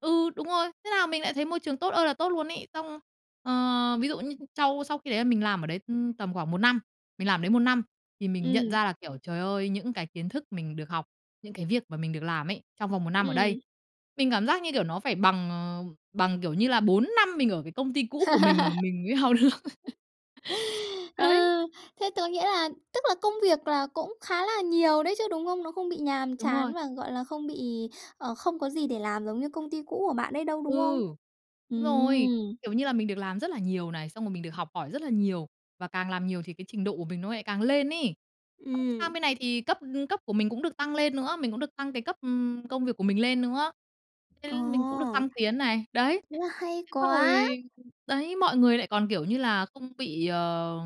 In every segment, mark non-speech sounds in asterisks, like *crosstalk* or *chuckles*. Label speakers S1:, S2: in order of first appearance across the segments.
S1: Ừ, đúng rồi. Thế là mình lại thấy môi trường tốt ơi là tốt luôn ấy. Xong, ờ, ví dụ như sau sau khi đấy là mình làm ở đấy, ưm, tầm khoảng 1 năm. Mình làm ở đấy 1 năm thì mình nhận
S2: Ừm.
S1: ra là, kiểu, trời ơi, những cái kiến thức mình được học, những cái việc mà mình được làm ấy, trong vòng 1 năm ở đây,
S2: Ừm.
S1: mình cảm giác, như kiểu, nó phải bằng, ờ, bằng, kiểu như là, 4 năm mình ở cái công ty cũ của mình mà
S2: *laughs*
S1: mình mới học được. *laughs*
S2: Ơ,
S1: Đấy.
S2: thế tớ nghĩa là tức là công việc là cũng khá là nhiều đấy chứ, đúng không? Nó không bị nhàm
S1: Đúng
S2: chán
S1: rồi.
S2: và, gọi là, không bị, ờ, không có gì để làm giống như công ty cũ của bạn ấy đâu,
S1: Ừ,
S2: đúng không?
S1: đúng rồi.
S2: Ừm.
S1: Kiểu như là mình được làm rất là nhiều này, xong rồi mình được học hỏi rất là nhiều, và càng làm nhiều thì cái trình độ của mình nó lại càng lên ấy. Xong, sang
S2: Ừm.
S1: bên này thì cấp cấp của mình cũng được tăng lên nữa, mình cũng được tăng cái cấp, ừm, công việc của mình lên nữa, thế mình cũng được
S2: Ồ.
S1: thăng tiến này. Đấy,
S2: Ơ, hay
S1: thế xong rồi
S2: quá.
S1: đấy, mọi người lại còn, kiểu như là, không bị, ờ,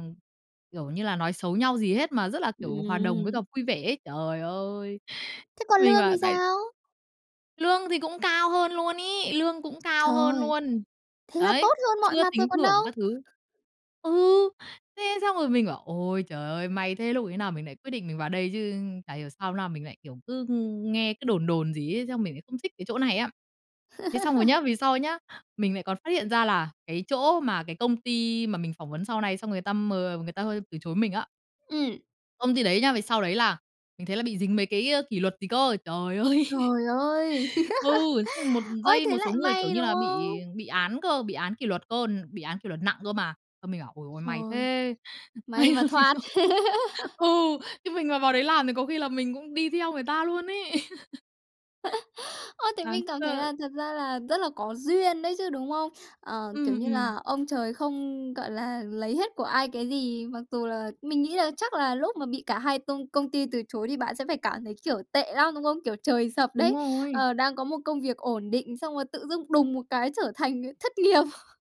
S1: kiểu như là, nói xấu nhau gì hết, mà rất là, kiểu, hòa đồng với
S2: Ừm.
S1: cả vui vẻ ấy. Trời ơi!
S2: Thế còn
S1: Mình
S2: lương
S1: bảo
S2: thì
S1: tại
S2: sao?
S1: Lương thì cũng cao hơn luôn ấy, lương cũng cao hơn
S2: Trời.
S1: luôn,
S2: Thế là
S1: đấy,
S2: tốt hơn mọi
S1: chưa
S2: mặt rồi
S1: tính
S2: còn
S1: thưởng
S2: đâu.
S1: các thứ. Ừ, thế xong rồi mình bảo: "Ôi trời ơi, may thế, lúc ấy nào mình lại quyết định mình vào đây chứ. Chả hiểu sao no mình lại, kiểu, cứ, ư, nghe cứ đồn đồn gì ấy, xong mình lại không thích cái chỗ này á." Thế xong rồi nhá,
S2: *laughs*
S1: về sau nhá, mình lại còn phát hiện ra là cái chỗ mà cái công ty mà mình phỏng vấn sau này, xong rồi người ta m người ta hơi từ chối mình á
S2: Ừm.
S1: công ty đấy nhá, về sau đấy là mình thấy là bị dính mấy cái, ơ, kỷ luật gì cơ. Trời ơi!
S2: Trời ơi!
S1: *laughs* Ừ, xong một
S2: *laughs* Ôi,
S1: dây,
S2: thế
S1: một
S2: lại
S1: số người, kiểu
S2: may,
S1: như
S2: đúng
S1: là, bị
S2: không?
S1: bị án cơ, bị án kỷ luật cơ, bị án kỷ luật nặng cơ mà. Xong, mình bảo: "Ồi ôi, may
S2: Trời,
S1: thế,
S2: may
S1: may
S2: mà
S1: mà mình
S2: thoát.
S1: không"
S2: *laughs*
S1: Ừ, chứ mình mà vào đấy làm thì có khi là mình cũng đi theo người ta luôn ấy. *laughs*
S2: *laughs* Ơ, thế
S1: Đáng
S2: mình cảm thấy
S1: sợ.
S2: là thật ra là rất là có duyên đấy chứ, đúng không? Ờ, kiểu
S1: Ừm,
S2: như
S1: ừm.
S2: là ông trời không, gọi là, lấy hết của ai cái gì. Mặc dù là mình nghĩ là chắc là lúc mà bị cả hai tông công ty từ chối thì bạn sẽ phải cảm thấy, kiểu, tệ lắm, đúng không? Kiểu trời sập
S1: Đúng
S2: đấy.
S1: rồi.
S2: Ờ, đang có một công việc ổn định, xong rồi tự dưng đùng một cái trở thành, ờ, thất nghiệp. *chuckles*